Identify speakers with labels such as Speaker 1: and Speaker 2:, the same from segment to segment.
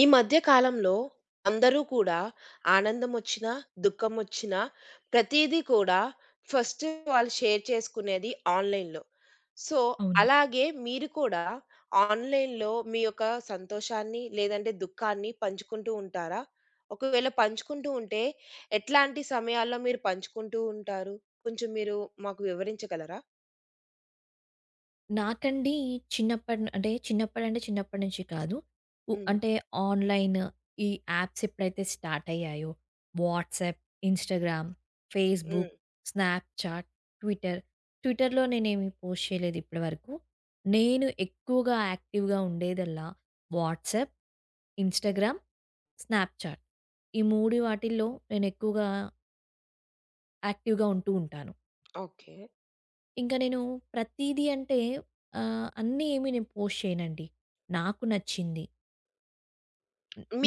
Speaker 1: ఈ మధ్య కాలంలో అందరూ కూడా ఆనందం ఒచ్చినా, దుఖం ఒచ్చినా ప్రతీదీ కూడా ఫస్టు వాళ్ళు షేర్ చేసుకునేది ఆన్‌లైన్‌లో. సో,
Speaker 2: అవును.
Speaker 1: అలాగే మీరు కూడా ఆన్‌లైన్‌లో మీ యొక్క సంతోషాన్ని, లేదంటే దుఖాన్ని పంచుకుంటూ ఉంటారా? ఒకవేళ పంచుకుంటూ ఉంటే, ఎట్లాంటి సమయాల్లో మీరు పంచుకుంటూ ఉంటారు? కొంచెం మీరు మాకు వివరించగలరా?
Speaker 2: నాకండి చిన్నప్ప అంటే చిన్నప్పడు నుండి చిన్నప్పటి నుంచి కాదు. ఉ
Speaker 1: హ్మ్.
Speaker 2: అంటే ఆన్‌లైన్‌, ఈ యాప్స్ ఎప్పుడైతే స్టార్ట్ అయ్యాయో, వాట్సాప్, ఇన్‌స్టాగ్రామ్, ఫేస్‌బుక్,
Speaker 1: హ్మ్.
Speaker 2: స్నాప్‌చాట్, ట్విట్టర్ ట్విట్టర్‌లో నేనేమి పోస్ట్ చేయలేదు ఇప్పడి వరకు. నేను ఎక్కువగా యాక్టి‌వ్‌గా ఉండేదల్లా వాట్సాప్, ఇన్‌స్టాగ్రామ్, స్నాప్ చాట్ ఈ 3 వాటిల్లో నేను ఎక్కువగా... యాక్టి‌వ్‌గా ఉంటూ ఉంటాను.
Speaker 1: ఓకే.
Speaker 2: ఇంకా నేను ప్రతీదీ అంటే ఆహ్, అన్నీ ఏమీ నేను పోస్ట్ చేయనండి. నాకు నచ్చింది.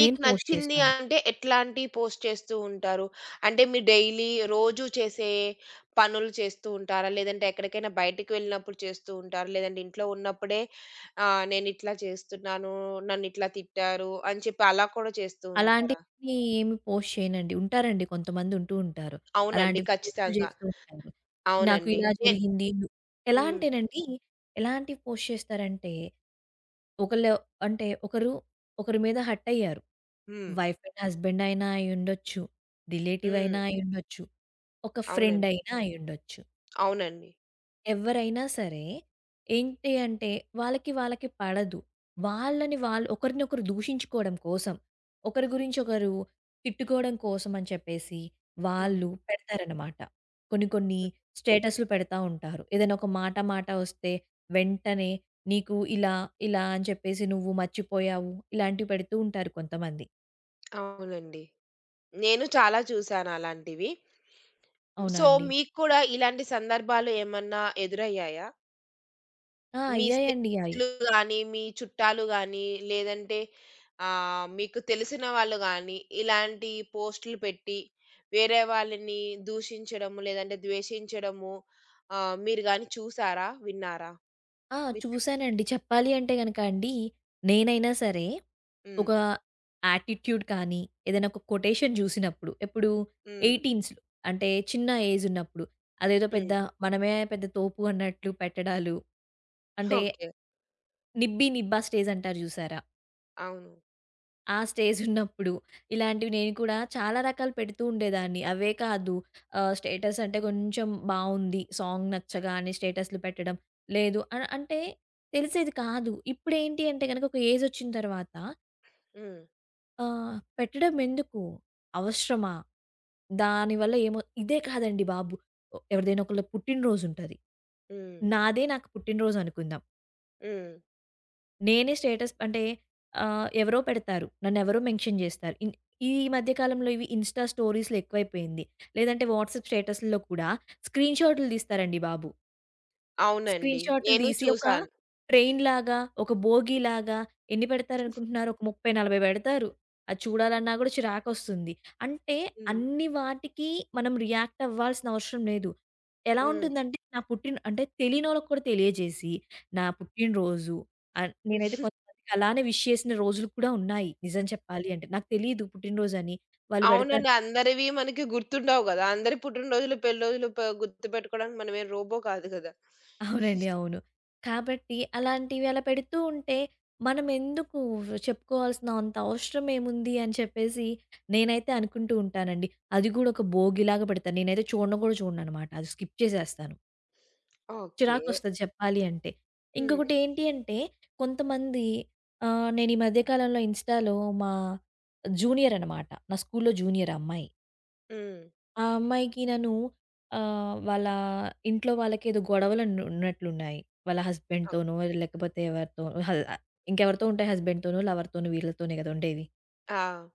Speaker 2: నేను పోస్ట్
Speaker 1: నచ్చింది
Speaker 2: చేస్తాను.
Speaker 1: అంటే ఎట్లాంటి పోస్ట్ చేస్తూ ఉంటారు? అంటే మీరు డైలీ రోజు చేసే పనులు చేస్తూ ఉంటారా? లేదంటే ఎక్కడికైనా బయటికి వెళ్ళినప్పుడు చేస్తూ ఉంటారా? లేదంటే ఇంట్లో ఉన్నప్పుడే ఆహ్, నేనిట్లా చేస్తున్నాను, నన్నిట్లా తిట్టారు అని చెప్పి అలా కూడా చేస్తూ ఉంటారా?
Speaker 2: అలాంటివి ఏమి పోస్ట్ చేయనండి. ఉంటారండి. కొంతమందుంటూ ఉంటారు.
Speaker 1: అవునండి.
Speaker 2: అలాంటివి పోస్టులు
Speaker 1: ఖచ్చితంగా.
Speaker 2: జేస్తూ ఉంటారు. నాకు
Speaker 1: అవునండి.
Speaker 2: ఇలా
Speaker 1: ఎ
Speaker 2: జరిగింది, ఎలా
Speaker 1: హ్మ్.
Speaker 2: అంటేనండి, ఎలాంటివి పోస్ట్ చేస్తారంటే, ఒకళ్ళు అంటే ఒకరు ఒకరి మీద హర్ట్ అయ్యారు.
Speaker 1: హ్మ్.
Speaker 2: వైఫ్ అండ్ హస్బెండ్ అయినా అయ్యుండొచ్చు, రిలేటివ్
Speaker 1: హ్మ్.
Speaker 2: అయినా అయ్యుండొచ్చు, ఒక ఫ్రెండ్
Speaker 1: అవునండి.
Speaker 2: అయినా అయ్యుండొచ్చు.
Speaker 1: అవునండి.
Speaker 2: ఎవ్వరైనా సరే. ఏంటి అంటే వాళ్ళకి వాళ్ళకి పడదు. వాళ్ళని వాళ్ళు ఒకరినొకరు దూషించుకోవడం కోసం, ఒకరి గురించి ఒకరు తిట్టుకోవడం కోసమని చెప్పేసి,
Speaker 1: హ్మ్.
Speaker 2: వాళ్ళు పెడతారనమాట. కొన్ని కొన్ని
Speaker 1: హ్మ్.
Speaker 2: స్టేటసులు పెడతా ఉంటారు. ఏదైనా ఒక మాట మాట ఒస్తే వెంటనే నీకు ఇలా, ఇలా అని చెప్పేసి నువ్వు మర్చిపోయావు ఇలాంటివి పెడుతూ ఉంటారు కొంతమంది.
Speaker 1: అవునండి. నేను చాలా చూసాను అలాంటివి.
Speaker 2: అవునా
Speaker 1: సో,
Speaker 2: అండి.
Speaker 1: మీకు కూడా ఇలాంటి సందర్భాలు ఏమన్నా ఎదురయ్యాయా?
Speaker 2: ఆ!
Speaker 1: మీ
Speaker 2: అయ్యాయండి. యాయ్
Speaker 1: స్నేహితులు‌ గాని, మీ చుట్టాలు గానీ లేదంటే ఆహ్, మీకు తెలిసిన వాళ్ళు గానీ ఇలాంటి పోస్టులు పెట్టి, వేరే వాళ్ళని దూషించడము, లేదంటే ద్వేషించడము ఆహ్, మీరుగాని చూసారా? విన్నారా?
Speaker 2: ఆ!
Speaker 1: విన్నా
Speaker 2: చూశానండి. చెప్పాలి అంటే గనక అండి. నేనైనా సరే
Speaker 1: హ్మ్.
Speaker 2: ఒక యాటిట్యూడ్ కానీ ఏదైనా ఒక కొటేషన్ జూసినప్పుడు ఎప్పుడు
Speaker 1: హ్మ్.
Speaker 2: ఎయిటీన్స్‌లో అంటే చిన్న ఏజ్ ఉన్నప్పుడు అదేదో పెద్ద
Speaker 1: హ్మ్.
Speaker 2: మనమే పెద్ద తోపు అన్నట్లు పెట్టడాలు, అంటే
Speaker 1: ఓకే.
Speaker 2: నిబ్బి నిబ్బా స్టేజ్ అంటారు జూసారా?
Speaker 1: అవును.
Speaker 2: ఆ స్టేజ్ ఉన్నప్పుడు ఇలాంటివి నేను కూడా చాలా రకాలు పెడుతూ ఉండేదాన్ని. అవే కాదు. ఆహ్, స్టేటస్ అంటే కొంచెం బావుంది. సాంగ్ నచ్చగానే స్టేటస్లు పెట్టడం. లేదు అన్ అంటే తెలిసేది కాదు. ఇప్పుడేంటి అంటే గనక ఒక ఏజ్ ఒచ్చిన తర్వాత
Speaker 1: హ్మ్.
Speaker 2: ఆ! పెట్టడం ఎందుకు? అవసరమా? దానివల్ల ఏమో ఇదే కాదండి బాబు. ఒ ఎవరిదైనా ఒకళ్ళ పుట్టిన రోజు ఉంటది.
Speaker 1: హ్మ్.
Speaker 2: నాదే నాకు పుట్టిన రోజు అనుకుందాం.
Speaker 1: హ్మ్.
Speaker 2: నేనే స్టేటస్ అంటే ఆహ్, ఎవరో పెడతారు. నన్నెవరో మెన్షన్ జేస్తారు. ఇన్ ఈ మధ్య కాలంలో ఇవి ఇన్స్‌టా స్టోరీస్‌లో ఎక్కువైపోయింది. లేదంటే వాట్సాప్ స్టేటస్‌లో కూడా స్క్రీన్‌షాటులు దీస్తారండి బాబు!
Speaker 1: అవునండి.
Speaker 2: స్క్రీన్‌షాటులు
Speaker 1: నేను
Speaker 2: దీసి ఒక
Speaker 1: చూసాను.
Speaker 2: ట్రైన్‌లాగా ఒక బోగీలాగా ఎన్ని పెడతారనుకుంటున్నారు ఒక 30, 40 పెడతారు. అది చూడాలన్నా కూడా చిరాకొస్తుంది. అంటే
Speaker 1: హ్మ్.
Speaker 2: అన్ని వాటికి మనం రియాక్ట్ అవ్వాల్సినవసరం లేదు. ఎలా
Speaker 1: హ్మ్.
Speaker 2: ఉంటుందంటే నా పుట్టిన అంటే తెలినోళ్ళకి కూడా తెలియజేసి, నా పుట్టినరోజు అన్ నేనైతే కొంతమందికలానే విష్ చేసిన రోజులు కూడా ఉన్నాయి. నిజం చెప్పాలి అంటే. నాకు తెలీదు పుట్టినరోజని. వాళ్ళు బెడతారు
Speaker 1: అవునండి. అందరివి మనకి గుర్తుండవు గదా! అందరి పుట్టినరోజులు పెళ్లిరోజులు ప గుర్తుబెట్టుకోవడానికి మనమేమి రోబో కాదు గదా!
Speaker 2: అవునండి. అవును. కాబట్టి అలాంటివి అలా పెడుతూ ఉంటే మనమెందుకు చెప్పుకోవాల్సినా అంత అవసరమేముంది అని చెప్పేసి నేనైతే అనుకుంటూ ఉంటానండి. అది గూడా ఒక భోగిలాగా పెడతా. నేనైతే చూడను గూడా చూడననమాట. అది స్కిప్ చేసేస్తాను.
Speaker 1: ఓకే.
Speaker 2: చిరాకొస్తది చెప్పాలి అంటే.
Speaker 1: హ్మ్.
Speaker 2: ఇంకొకటి ఏంటి అంటే కొంతమంది ఆహ్, నేనీమధ్య కాలంలో ఇన్స్‌టాలో మా జూనియరనమాట. నా స్కూలులో జూనియర్ ఆ అమ్మాయి.
Speaker 1: హ్మ్.
Speaker 2: ఆ అమ్మాయికి నన్ను ఆహ్, వాళ్ళ ఇంట్లో వాళ్ళకి ఏదో గొడవలు ఆన్ ఉన్నట్లున్నాయి. వాళ్ళ
Speaker 1: ఓకే.
Speaker 2: హస్బెండ్‌తోనో లేకపోతే ఎవరితో, హ ఇంకా ఎవరితో ఉంటాయి హస్బెండ్‌తోనో, లవర్‌తోనో వీళ్ళతోనే కదా! ఉండేది.
Speaker 1: ఆ!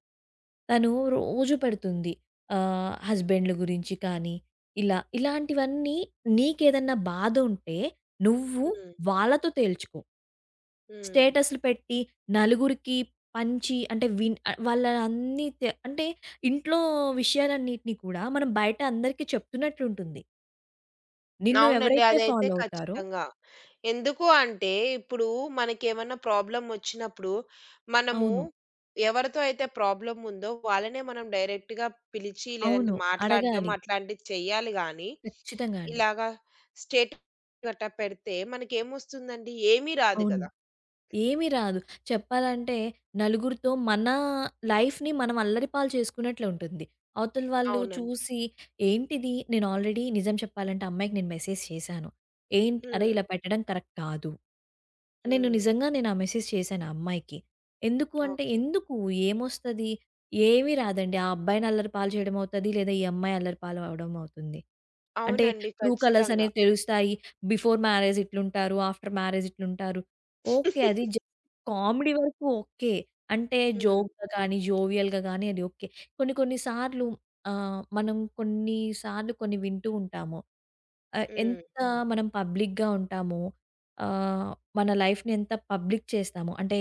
Speaker 2: తను రోజు పెడుతుంది. ఆహ్, హస్బెండ్లు గురించి కానీ, ఇలా ఇలాంటివన్నీ నీకేదన్నా బాధ ఉంటే నువ్వు
Speaker 1: హ్మ్.
Speaker 2: వాళ్ళతో తేల్చుకో.
Speaker 1: హ్మ్.
Speaker 2: స్టేటసులు పెట్టి నలుగురికి పంచి అంటే విన్ అ వాళ్ళన్నితే అంటే ఇంట్లో విషయాలన్నిటిని కూడా మనం బయట అందరికీ చెప్తున్నట్లు ఉంటుంది. నిన్ను
Speaker 1: అవునండి.
Speaker 2: ఎవరైతే
Speaker 1: అదైతే
Speaker 2: ఫాలో అవుతారో
Speaker 1: ఖచ్చితంగా. ఎందుకు అంటే, ఇప్పుడు మనకేమన్నా ప్రాబ్లమ్ వచ్చినప్పుడు మనము
Speaker 2: అవును.
Speaker 1: ఎవరితో అయితే ప్రాబ్లమ్ ఉందో వాళ్ళనే మనం డైరెక్ట్‌గా పిలిచి లేదంటే
Speaker 2: అవును.
Speaker 1: మాట్లాడడం,
Speaker 2: అడగాలి.
Speaker 1: అట్లాంటివి చేయాలి గానీ,
Speaker 2: ఖచ్చితంగా అండి.
Speaker 1: ఇలాగ స్టేటస్ అట్ట పెట్టితే మనకేమొస్తుందండి? ఏమీ రాదు
Speaker 2: అవును.
Speaker 1: కదా!
Speaker 2: ఏమీ రాదు. చెప్పాలంటే నలుగురితో మన లైఫ్‌ని మనం అల్లరిపాలు చేసుకున్నట్లుంటుంది. అవతల వాళ్ళు
Speaker 1: అవునండి.
Speaker 2: చూసి ఏంటిది నేను ఆల్రెడీ నిజం చెప్పాలంటే ఆ అమ్మాయికి నేను మెసేజ్ చేశాను. ఏంట్ అరే
Speaker 1: హ్మ్.
Speaker 2: ఇలా పెట్టడం కరెక్ట్ కాదు. నేను
Speaker 1: హ్మ్.
Speaker 2: నిజంగా నేను ఆ మెసేజ్ చేశాను ఆ అమ్మాయికి. ఎందుకు అంటే,
Speaker 1: ఓకే.
Speaker 2: ఎందుకు? ఏమొస్తది? ఏమీ రాదండి. ఆ అబ్బాయిని అల్లరిపాలు చేయడమవుతుంది, లేదా ఈ అమ్మాయి అల్లరిపాలవడం అవుతుంది. అంటే
Speaker 1: అవునండి.
Speaker 2: ట్రూ కలర్స్
Speaker 1: ఖచ్చితంగా.
Speaker 2: అనేవి తెలుస్తాయి. బిఫోర్ మ్యారేజ్ ఇట్లుంటారు. ఆఫ్టర్ మ్యారేజ్ ఇట్లుంటారు. ఓకే. అది జే కామెడీ వరకు ఓకే. అంటే
Speaker 1: హ్మ్.
Speaker 2: జోక్‌గా కానీ, జోవియల్‌గా గానీ అది ఓకే. కొన్ని కొన్ని సార్లు ఆహ్, మనం కొన్నిసార్లు కొన్ని వింటూ ఉంటాము. అ
Speaker 1: హ్మ్.
Speaker 2: ఎంత మనం పబ్లిక్‌గా ఉంటామో, ఆహ్, మన లైఫ్‌ని ఎంత పబ్లిక్ చేస్తామో, అంటే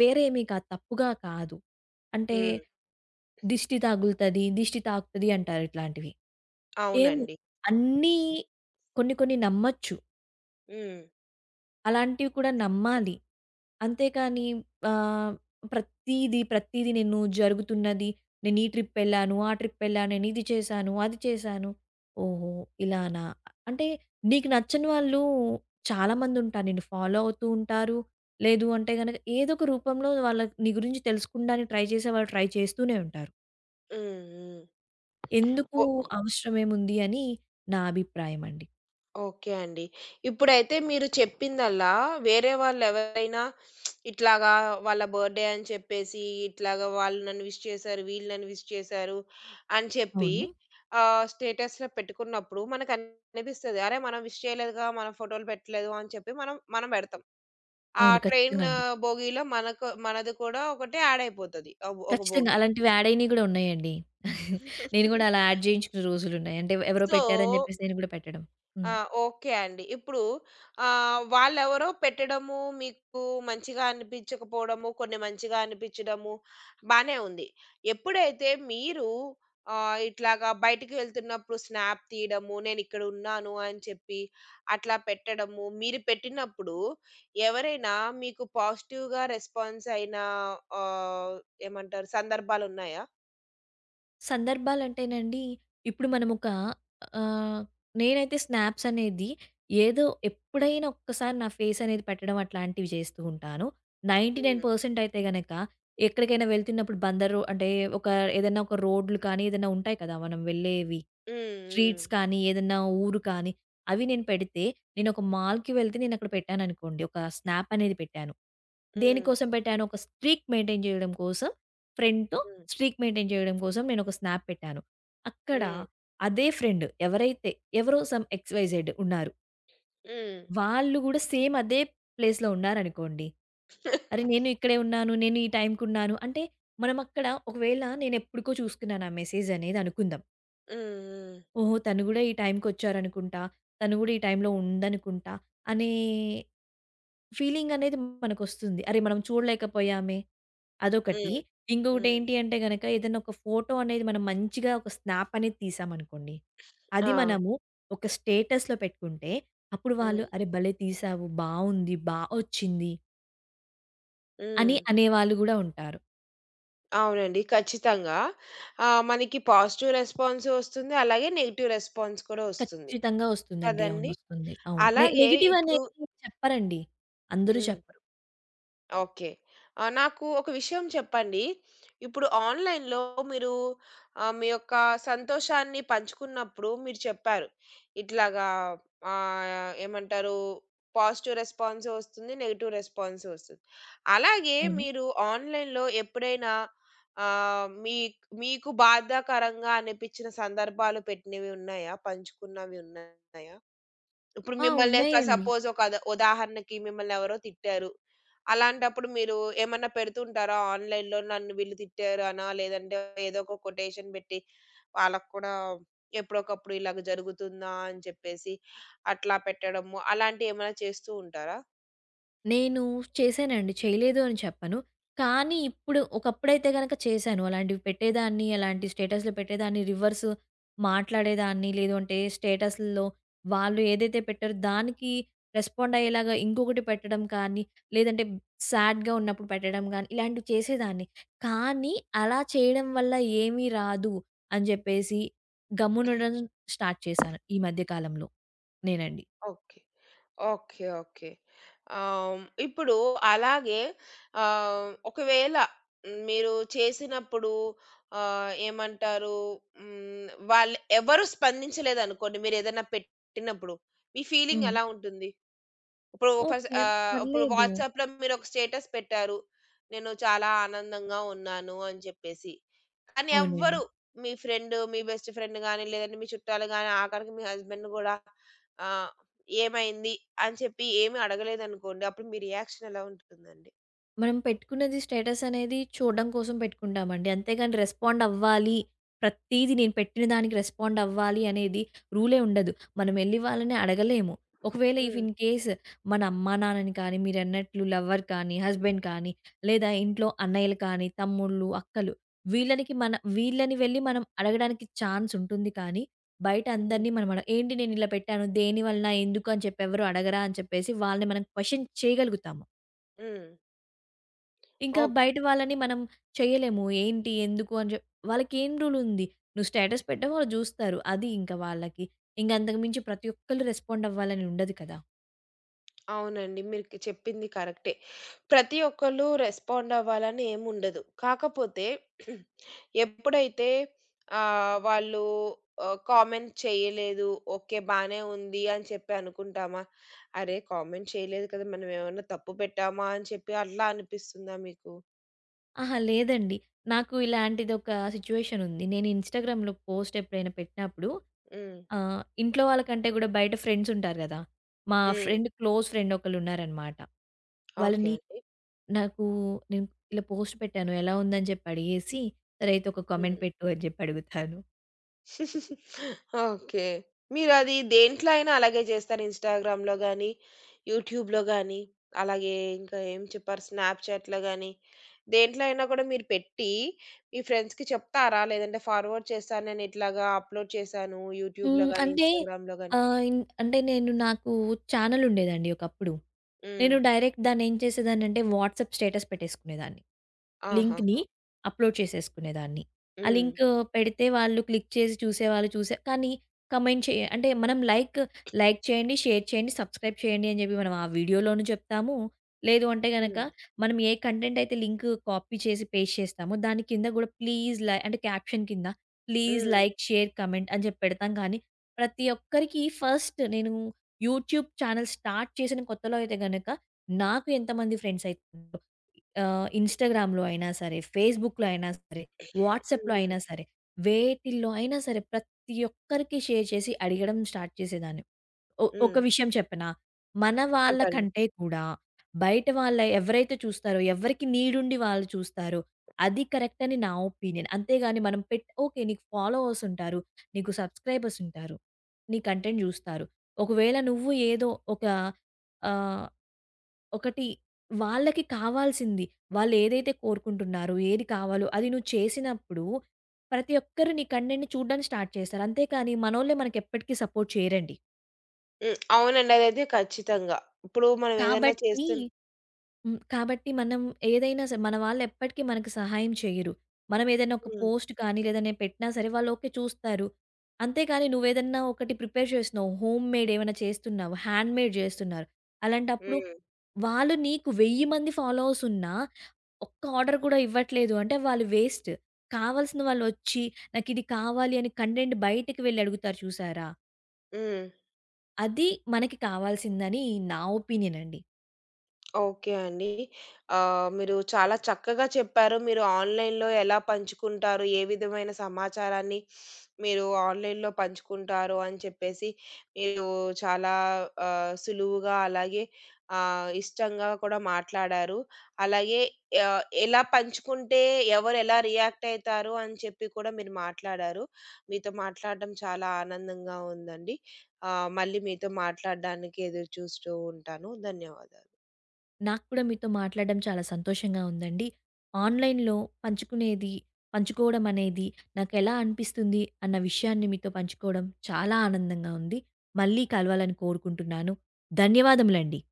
Speaker 2: వేరేమీ కా తప్పుగా కాదు. అంటే
Speaker 1: హ్మ్.
Speaker 2: దిష్టి తగులుతది, దిష్టి తాకుతది అంటారు ఇట్లాంటివి. ఏమో
Speaker 1: అవునండి.
Speaker 2: అన్నీ కొన్ని కొన్ని నమ్మొచ్చు.
Speaker 1: హ్మ్.
Speaker 2: అలాంటివి కూడా నమ్మాలి. అంతే కానీ ఆహ్, ప్రతీది ప్రతీది నేను జరుగుతున్నది నేను ఈ ట్రిప్ వెళ్లాను, ఆ ట్రిప్ వెళ్లా, నేను ఇది చేశాను, అది చేశాను. ఓహో! ఇలానా, అంటే నీకు నచ్చని వాళ్ళు చాలామందుంటారు. నిన్ను ఫాలో అవుతూ ఉంటారు. లేదు అంటే గనక ఏదొక రూపంలో వాళ్ళ నీ గురించి తెలుసుకుండానికి ట్రై చేసే వాళ్ళు ట్రై చేస్తూనే ఉంటారు.
Speaker 1: హ్మ్. హ్మ్.
Speaker 2: ఎందుకు?
Speaker 1: ఓ
Speaker 2: అవసరమేముంది? అని నా అభిప్రాయమండి.
Speaker 1: ఓకే అండి. ఇప్పుడైతే మీరు చెప్పిందల్లా వేరే వాళ్ళెవరైనా ఇట్లాగా వాళ్ళ బర్డే అని చెప్పేసి, ఇట్లాగా వాళ్ళు నన్ను విష్ చేశారు, వీళ్ళు నన్ను విష్ చేశారు, అని చెప్పి
Speaker 2: అవును.
Speaker 1: ఆహ్, స్టేటస్‌లో పెట్టుకున్నప్పుడు మనకనిపిస్తది. అరే! మనం విష్ చేయలేదుగా మనం ఫోటోలు పెట్టలేదు అని చెప్పి మనం మనం బెడతాం. ఆ
Speaker 2: అవును.
Speaker 1: ట్రైన్
Speaker 2: ఖచ్చితంగా అండి.
Speaker 1: భోగీలో మనకు మనది కూడా ఒకటే యాడ్ అయిపోతది ఒక ఒక
Speaker 2: ఖచ్చితంగా.
Speaker 1: భోగి.
Speaker 2: అలాంటివి యాడ్ అయినవి గూడా ఉన్నాయండి. నేను గూడా అలా యాడ్ జేయించుకున్న రోజులున్నాయి. అంటే ఎవరో
Speaker 1: సో
Speaker 2: పెట్టారని జెప్పేసి నేను గూడా పెట్టడం.
Speaker 1: ఆ!
Speaker 2: హ్మ్.
Speaker 1: ఓకే అండి. ఇప్పుడు ఆహ్, వాళ్ళెవరో పెట్టడము మీకు మంచిగా అనిపించకపోవడము, కొన్ని మంచిగా అనిపించడము, బానే ఉంది. ఎప్పుడైతే మీరు ఆహ్, ఇట్లాగా బయటికి వెళ్తున్నప్పుడు స్నాప్ తీయడము, నేనిక్కడున్నాను అని చెప్పి అట్లా పెట్టడము, మీరు పెట్టినప్పుడు ఎవరైనా మీకు పాజిటివ్‌గా రెస్పాన్స్ అయినా ఆహ్, ఏమంటారు? సందర్భాలున్నాయా?
Speaker 2: సందర్భాలంటేనండి ఇప్పుడు మనమొక ఆహ్, నేనైతే స్నాప్స్ అనేది ఏదో ఎప్పుడైనా ఒక్కసారి నా ఫేస్ అనేది పెట్టడం అట్లాంటివి జేస్తూ ఉంటాను. నైంటీనైన్
Speaker 1: హ్మ్.
Speaker 2: పర్సెంట్ అయితే గనక ఎక్కడికైనా వెళ్తున్నప్పుడు బందరు అంటే ఒక ఏదన్నా ఒక రోడ్లు కానీ ఏదన్నా ఉంటాయి కదా! మనం వెళ్ళేవి.
Speaker 1: హ్మ్.
Speaker 2: స్ట్రీట్స్
Speaker 1: హ్మ్.
Speaker 2: కానీ ఏదన్నా ఊరు కానీ అవి నేను పెడితే నేను ఒక మాల్‍కి వెళ్తే నేను అక్కడ పెట్టాననుకోండి. ఒక స్నాప్ అనేది పెట్టాను.
Speaker 1: హ్మ్.
Speaker 2: దేనికోసం పెట్టాను ఒక స్ట్రీక్ మెయింటైన్ జేయడం కోసం ఫ్రెండ్‍తో
Speaker 1: హ్మ్.
Speaker 2: స్ట్రీక్ మెయింటైన్ జేయడం కోసం నేనొక స్నాప్ పెట్టాను. అక్కడ
Speaker 1: హ్మ్.
Speaker 2: అదే ఫ్రెండ్ ఎవరైతే ఎవరో సమ్ ఎక్స్, వై, జెడ్ ఉన్నారు.
Speaker 1: హ్మ్.
Speaker 2: వాళ్ళు గూడ సేమ్ అదే ప్లేస్‍లో ఉన్నారనుకోండి. అరే! నేను ఇక్కడే ఉన్నాను. నేను ఈ టైమ్‍కున్నాను. అంటే మనం అక్కడ ఒకవేళ నేను ఎప్పడికో చూసుకున్నాను ఆ మెసేజ్ అనేది అనుకుందాం.
Speaker 1: హ్మ్. హ్మ్. హ్మ్.
Speaker 2: ఓహో! తనుగుడా ఈ టైమ్‍కొచ్చారనుకుంటా, తనుగుడా ఈ టైమ్‍లో ఉందనుకుంటా అనే ఫీలింగ్ అనేది మనకొస్తుంది. అరే! మనం చూడలేకపోయామే, అదొకటి.
Speaker 1: హ్మ్.
Speaker 2: ఇంగొకటి
Speaker 1: హ్మ్.
Speaker 2: ఏంటి అంటే గనక ఏదైనా ఒక ఫోటో అనేది మనం మంచిగా ఒక స్నాప్ అనేది తీశామనుకోండి. అది
Speaker 1: ఆ!
Speaker 2: మనము ఒక స్టేటస్‍లో పెట్టుకుంటే అప్పుడు వాళ్ళు
Speaker 1: హ్మ్.
Speaker 2: అరే! భలే! తీశావు. బావుంది. బా ఒచ్చింది. అని
Speaker 1: హ్మ్.
Speaker 2: అనేవాళ్ళు గూడా ఉంటారు.
Speaker 1: అవునండి. ఖచ్చితంగా. ఆహ్, మనకి పాజిటివ్ రెస్పాన్స్ ఒస్తుంది, అలాగే నెగెటివ్ రెస్పాన్స్ కూడా ఒస్తుంది.
Speaker 2: ఖచ్చితంగా వస్తుందండి. అవును
Speaker 1: కదండీ!
Speaker 2: వస్తుంది. అవును. నె
Speaker 1: అలాగే
Speaker 2: నెగెటివ్
Speaker 1: ఇప్పుడు
Speaker 2: అనేదైతే చెప్పరండి. అందరూ చెప్పరు.
Speaker 1: ఓకే. ఆ! నాకు ఒక విషయం చెప్పండి. ఇప్పుడు ఆన్‌లైన్‌లో మీరు ఆహ్, మీ యొక్క సంతోషాన్ని పంచుకున్నప్పుడు మీరు చెప్పారు. ఇట్లాగా ఆహ్, ఏమంటారూ, పాజిటివ్ రెస్పాన్సు ఒస్తుంది, నెగెటివ్ రెస్పాన్సు ఒస్తుంది. అలాగే
Speaker 2: అవును.
Speaker 1: మీరు ఆన్‌లైన్‌లో ఎప్పుడైనా ఆహ్, మీక్ మీకు బాధాకరంగా అనిపించిన సందర్భాలు పెట్టినవి ఉన్నాయా? పంచుకున్నవి ఉన్నాయా? ఇప్పుడు
Speaker 2: ఆ!
Speaker 1: మిమ్మల్ని ఒక
Speaker 2: ఉన్నాయండి.
Speaker 1: సపోజ్ ఒకద ఉదాహరణకి మిమ్మల్ని ఎవరో తిట్టారు. అలాంటప్పుడు మీరు ఏమన్నా పెడుతూ ఉంటారా ఆన్‌లైన్‌లో నన్ను వీళ్ళు తిట్టారు అనా! లేదంటే ఏదో ఒక కొటేషన్ పెట్టి వాళ్ళకి కూడా ఎప్పుడోకప్పుడు ఇలాగ జరుగుతుందా? అని చెప్పేసి అట్లా పెట్టడము, అలాంటివి ఏమన్నా చేస్తూ ఉంటారా?
Speaker 2: నేను చేశానండి. చేయలేదు అని చెప్పను. కానీ ఇప్పుడు ఒకప్పుడైతే గనక చేశాను. అలాంటివి పెట్టేదాన్ని, అలాంటివి స్టేటస్‌లో పెట్టేదాన్ని, రివర్స్ మాట్లాడేదాన్ని. లేదు అంటే స్టేటసుల్లో వాళ్ళు ఏదైతే పెట్టారో దానికి రెస్పాండ్ అయ్యేలాగా ఇంకొకటి పెట్టడం కానీ, లేదంటే సాడ్‌గా ఉన్నప్పుడు పెట్టడం గానీ, ఇలాంటివి చేసేదాన్ని. కానీ, అలా చేయడం వల్ల ఏమీ రాదు, అని చెప్పేసి గమ్మునుండడం స్టార్ట్ చేశాను ఈ మధ్య కాలంలో నేనండి.
Speaker 1: ఓకే. ఓకే. ఓకే. ఆహ్, ఇప్పుడు అలాగే ఆహ్, ఒకవేళ మీరు చేసినప్పుడు ఆహ్, ఏమంటారు హ్మ్. వాళ్ళు ఎవరూ స్పందించలేదనుకోండి మీరేదైనా పెట్టినప్పుడు, మీ ఫీలింగ్
Speaker 2: హ్మ్.
Speaker 1: ఎలా ఉంటుంది? ఇప్పుడు ఫస్ట్
Speaker 2: ఓకే.
Speaker 1: ఆహ్, ఇప్పుడు
Speaker 2: పర్లేదు.
Speaker 1: వాట్సాప్‌లో మీరొక స్టేటస్ పెట్టారు. నేను చాలా ఆనందంగా ఉన్నాను అని చెప్పేసి. కానీ ఎవ్వరు
Speaker 2: అవునండి.
Speaker 1: మీ ఫ్రెండ్ మీ బెస్ట్ ఫ్రెండ్ గాని, లేదంటే మీ చుట్టాలు గాని, ఆఖరికి మీ హస్బెండ్ కూడా ఆహ్, ఏమైంది? అని చెప్పి ఏమి అడగలేదనుకోండి, అప్పుడు మీ రియాక్షన్ ఎలా ఉంటుందండి?
Speaker 2: మనం పెట్టుకున్నది స్టేటస్ అనేది చూడ్డం కోసం పెట్టుకుంటామండి. అంతేగాని రెస్పాండ్ అవ్వాలి. ప్రతీది నేను పెట్టిన దానికి రెస్పాండ్ అవ్వాలి అనేది రూలే ఉండదు. మనం ఎళ్ళి వాళ్ళని అడగలేము. ఒకవేళ ఇఫ్
Speaker 1: హ్మ్.
Speaker 2: ఇన్‌కేస్ మన అమ్మా నాన్నని కానీ, మీరన్నట్లు లవ్వర్ గానీ, హస్బెండ్ గానీ, లేదా ఇంట్లో అన్నయ్యలు కానీ, తమ్ముళ్ళు, అక్కలు వీళ్ళనికి మన వీళ్ళని వెళ్ళి మనం అడగడానికి ఛాన్స్ ఉంటుంది కానీ బయట
Speaker 1: హ్మ్.
Speaker 2: అందరిని మనమడ ఏంటి నేనిలా పెట్టాను? దేనివలన? ఎందుకు? అని చెప్పి ఎవ్వరు అడగరా? అని చెప్పేసి వాళ్ళని మనం క్వెషన్ చేయగలుగుతాము.
Speaker 1: హ్మ్.
Speaker 2: ఇంకా
Speaker 1: ఓకే.
Speaker 2: బయట వాళ్ళని మనం చేయలేము. ఏంటి? ఎందుకు? అని చెప్ వాళ్ళకేం రూల్ ఉంది? నువ్వు స్టేటస్ పెట్టావు, వాళ్ళు జూస్తారు. అది ఇంక వాళ్ళకి. ఇంగ అంతకు మించి ప్రతి ఒక్కళ్ళు రెస్పాండ్ అవ్వాలని ఉండదు కదా!
Speaker 1: అవునండి. మీరుకి చెప్పింది కరెక్టే. ప్రతి ఒక్కళ్ళు రెస్పాండ్ అవ్వాలనీ ఏముండదు. కాకపోతే ఎప్పుడైతే ఆహ్, వాళ్ళు ఆహ్, కామెంట్ చేయలేదు. ఓకే బానే ఉంది అని చెప్పి అనుకుంటామా? అరే! కామెంట్ చేయలేదు కదా! మనం ఏమన్నా తప్పు పెట్టామా అని చెప్పి అట్లా అనిపిస్తుందా మీకు?
Speaker 2: అహా! లేదండి. నాకు ఇలాంటిదొక సిచ్యుయేషన్ ఉంది. నేను ఇన్‌స్టాగ్రామ్‌లో పోస్ట్ ఎప్పుడైనా పెట్టినప్పుడు
Speaker 1: హ్మ్.
Speaker 2: ఆహ్, ఇంట్లో వాళ్ళకంటే గూడా బయట ఫ్రెండ్స్ ఉంటారు గదా! మా
Speaker 1: హ్మ్.
Speaker 2: ఫ్రెండ్, క్లోజ్ ఫ్రెండ్ ఒకళ్ళున్నారనమాట.
Speaker 1: ఓకే
Speaker 2: వాళ్ళని
Speaker 1: అండి.
Speaker 2: నాకు నేను ఇలా పోస్ట్ పెట్టాను ఎలా ఉందని జెప్పి అడిగేసి, సరైతే ఒక కామెంట్
Speaker 1: హ్మ్.
Speaker 2: పెట్టు అని జెప్పి అడుగుతాను.
Speaker 1: ఓకే. మీరది దేంట్లో అయినా అలాగే జేస్తార? ఇన్‌స్టాగ్రామ్‌లో గానీ, యూట్యూబ్‌లో గానీ, అలాగే ఇంకా ఏం చెప్పారు? స్నాప్‌చాట్‌లో గానీ, దేంట్లో అయినా గూడా మీరు పెట్టి మీ ఫ్రెండ్స్‌కి చెప్తారా? లేదంటే ఫార్వర్డ్ చేస్తానని ఇట్లాగా అప్‌లోడ్ చేశాను యూట్యూబ్‌లో
Speaker 2: హ్మ్.
Speaker 1: గానీ,
Speaker 2: అంటే
Speaker 1: ఇన్‌స్టాగ్రామ్‌లో గానీ
Speaker 2: ఆహ్, ఇన్ అంటే నేను నాకు ఛానెల్ ఉండేదండి ఒకప్పుడు.
Speaker 1: హ్మ్.
Speaker 2: నేను డైరెక్ట్ దాన్ని ఏం చేసేదాన్నింటే, వాట్సాప్ స్టేటస్ పెట్టేసుకునేదాన్ని. లింక్‌ని
Speaker 1: ఆహాహా!
Speaker 2: అప్‌లోడ్ చేసేసుకునేదాన్ని. ఆ
Speaker 1: హ్మ్.
Speaker 2: లింకు పెడితే వాళ్ళు క్లిక్ చేసి చూసేవాళ్ళు చూసే కానీ, కామెంట్ చేయ అంటే మనం లైక్ లైక్ చేయండి, షేర్ చేయండి, సబ్‌స్క్రైబ్ చేయండి అని జెప్పి మనం ఆ వీడియోలోన జెప్తాము, లేదు అంటే గనుక,
Speaker 1: హ్మ్.
Speaker 2: మనం ఏ కంటెంట్ అయితే లింకు కాపీ చేసి పేస్ట్ చేస్తామో, దాని కింద గూడా, ప్లీజ్ లై అంటే కాప్శన్ కింద ప్లీజ్
Speaker 1: హ్మ్.
Speaker 2: లైక్, షేర్, కామెంట్ అని జెప్పి పెడతాం గానీ, ప్రతి ఒక్కరికి ఫస్ట్ నేను యూట్యూబ్ ఛానెల్స్ స్టార్ట్ చేసిన కొత్తలో అయితే గనుక, నాకు ఎంతమంది ఫ్రెండ్స్ అయతారో ఆహ్, ఇన్‌స్టాగ్రామ్‌లో అయినా సరే, ఫేస్‌బుక్‌లో అయినా సరే, వాట్సాప్‌లో
Speaker 1: హుహు.
Speaker 2: అయినా సరే, వేటిల్లో అయినా సరే, ప్రతి ఒక్కరికి షేర్ చేసి అడిగడం స్టార్ట్ చేసేదాన్ని. ఒ ఒక
Speaker 1: హ్మ్.
Speaker 2: విషయం చెప్పనా! మన వాళ్ళ
Speaker 1: చెప్పండి.
Speaker 2: కంటే కూడా, బయట వాళ్ళ ఎవరైతే చూస్తారో ఎవరికి నీడుండి వాళ్ళు చూస్తారో, అది కరెక్ట్ అని నా ఒపీనియన్. అంతేగాని మనం పెట్ ఓకే. నీకు ఫాలోవర్స్ ఉంటారు, నీకు సబ్‌‌స్క్రైబర్స్ ఉంటారు. నీ కంటెంట్ జూస్తారు. ఒకవేళ నువ్వు ఏదో ఒక ఆహ్, ఒకటి వాళ్ళకి కావాల్సింది, వాళ్లేదైతే కోరుకుంటున్నారో, ఏది కావాలో అది నువ్వు చేసినప్పుడు, ప్రతి ఒక్కరు నీ కంటెంట్ చూడ్డానికి స్టార్ట్ చేశారు. అంతే కానీ, మనోళ్ళే మనకు ఎప్పటికి సపోర్ట్ చేయరండి.
Speaker 1: హ్మ్. అవునండి. అదైతే ఖచ్చితంగా. ఇప్పుడు మనం ఏదైనా
Speaker 2: కాబట్టి
Speaker 1: చేస్తున్న
Speaker 2: హ్మ్. కాబట్టి మనం ఏదైనా సరే మన వాళ్ళెప్పటికి మనకు సహాయం చేయరు. మనం ఏదైనా ఒక
Speaker 1: హ్మ్.
Speaker 2: పోస్ట్ కానీ లేదా ఏదైనా పెట్టినా సరే వాళ్ళు ఓకే చూస్తారు. అంతే కానీ, నువేదన్నా ఒకటి ప్రిపేర్ చేస్తున్నావు, హోమ్‌మేడ్ ఏవైనా చేస్తున్నావు, హ్యాండ్‌మేడ్ జేస్తున్నారు. అలాంటప్పుడు
Speaker 1: హ్మ్.
Speaker 2: వాళ్ళు నీకు 1000 మంది ఫాలోవర్స్ ఉన్నా ఒక్క ఆర్డర్ గూడా ఇవ్వట్లేదు అంటే, వాళ్ళు వేస్ట్. కావాల్సిన వాళ్ళు ఒచ్చి, నాకు ఇది కావాలి అని కంటెంట్ బయటకి వెళ్ళి అడుగుతారు చూశారా?
Speaker 1: హ్మ్.
Speaker 2: అది మనకి కావాల్సిందని నా ఒపీనియన్ అండి.
Speaker 1: ఓకే అండి. ఆహ్, మీరు చాలా చక్కగా చెప్పారు. మీరు ఆన్‌లైన్‌లో ఎలా పంచుకుంటారు? ఏ విధమైన సమాచారాన్ని మీరు ఆన్‌లైన్‌లో పంచుకుంటారు అని చెప్పేసి, మీరు చాలా ఆహ్, సులువుగా అలాగే ఆహ్, ఇష్టంగా కూడా మాట్లాడారు. అలాగే ఆహ్, ఎలా పంచుకుంటే ఎవరెలా రియాక్ట్ అయితారు? అని చెప్పి కూడా మీరు మాట్లాడారు. మీతో మాట్లాడ్డం చాలా ఆనందంగా ఉందండి. ఆహ్, మళ్ళీ మీతో మాట్లాడడానికి ఎదురు చూస్తూ ఉంటాను. ధన్యవాదాలు.
Speaker 2: నాకు కూడా మీతో మాట్లాడడం చాలా సంతోషంగా ఉందండి. ఆన్‌లైన్‌‌లో పంచుకునేది పంచుకోవడం అనేది, నాకెలా అనిపిస్తుంది అన్న విషయాన్ని మీతో పంచుకోవడం చాలా ఆనందంగా ఉంది. మళ్ళీ కలవాలని కోరుకుంటున్నాను. ధన్యవాదములండి.